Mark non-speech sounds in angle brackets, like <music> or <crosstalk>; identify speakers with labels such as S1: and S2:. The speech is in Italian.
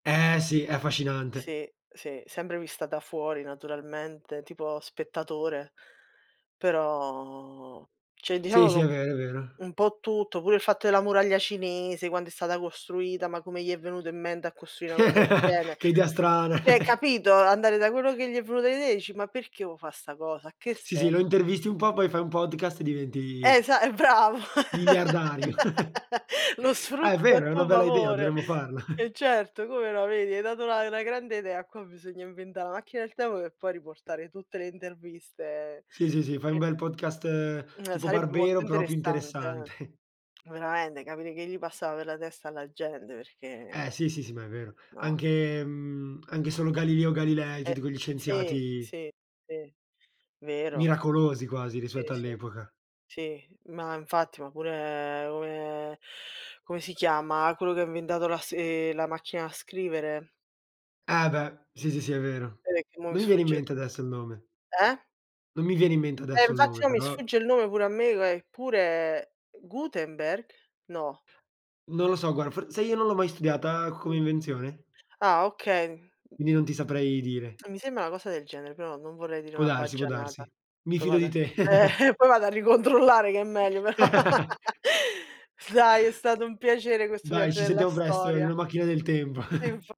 S1: Ehm sì, è affascinante.
S2: Sì, sì, sempre vista da fuori naturalmente, tipo spettatore, però, cioè,
S1: Sì,
S2: diciamo
S1: sì, è
S2: ch'ho
S1: vero, è vero.
S2: un po' tutto, pure il fatto della Muraglia cinese, quando è stata costruita, ma come gli è venuto in mente a costruire na cosa del gene?
S1: <chuckles> Che idea strana.
S2: Cioè,
S1: <chuckles>
S2: capito, andare da quello che gli è venuto l'idee dici: “Ma perché vuo' fa sta cosa? A che
S1: Sì, sì,
S2: se”
S1: lo intervisti un po', poi fai un podcast e
S2: Eh,
S1: diventi
S2: esa eh, bravo,
S1: miliardario. <chuckles>
S2: <laughs> lo
S1: Ah è
S2: sfrutti a
S1: vero, è una
S2: tuo
S1: bella idea,
S2: favore.
S1: dovremmo farlo. <chuckles>
S2: E certo, come no, vedi, hai dato una una grande idea. Qua bisogna inventà la macchina del tempo per poi riportare tutte le interviste
S1: Sì, sì, sì, fai un
S2: e
S1: bel podcast
S2: Mhmm,
S1: tipo
S2: <tsk> sarebbe molto
S1: Barbero, però più
S2: interessante,
S1: interessante.
S2: eh.
S1: <chuckles>
S2: Veramente, capire che gli passava per la testa alla gente, perché
S1: Ehm, sì, sì, sì, ma è vero.
S2: No.
S1: Anche, mhmm, anche solo Galileo Galilei,
S2: Eh,
S1: tutti quegli
S2: sì,
S1: scienziati
S2: sì, sì, vero.
S1: miracolosi, quasi,
S2: Sì,
S1: rispetto
S2: sì,
S1: all'epoca.
S2: sì, ma infatti, ma pure come come si chiama quello che ha inventato lass ehm, la macchina a scrivere?
S1: Eh beh, sì, sì, sì è vero.
S2: <unintelligible> mo mi
S1: Non mi viene in
S2: sfugge
S1: mente adesso il nome.
S2: Eh?
S1: Non mi viene in mente
S2: E
S1: adesso il
S2: infatti
S1: nome,
S2: no, mi
S1: però
S2: sfugge il nome pure a me, che ua eppure, Gutenberg? No.
S1: Non lo so, guarda, for sai, io non l'ho mai studiata come invenzione
S2: Ah, okay.
S1: quindi non ti saprei dire.
S2: A mi sembra na cosa del genere, però non vorrei dire
S1: Può
S2: una
S1: darsi, può
S2: baggianata.
S1: darsi. Mi
S2: Poi
S1: fido
S2: vado
S1: di
S2: a eh,
S1: te. <chuckles>
S2: <chuckles> poi vado a ricontrollare che è meglio. Però.
S1: <laughs>
S2: <laughs> Dai, è stato un piacere questo
S1: Dai,
S2: viaggio
S1: ci
S2: nella
S1: sentiamo presto in
S2: storia.
S1: una macchina del tempo.
S2: Eh
S1: <chuckles>
S2: infa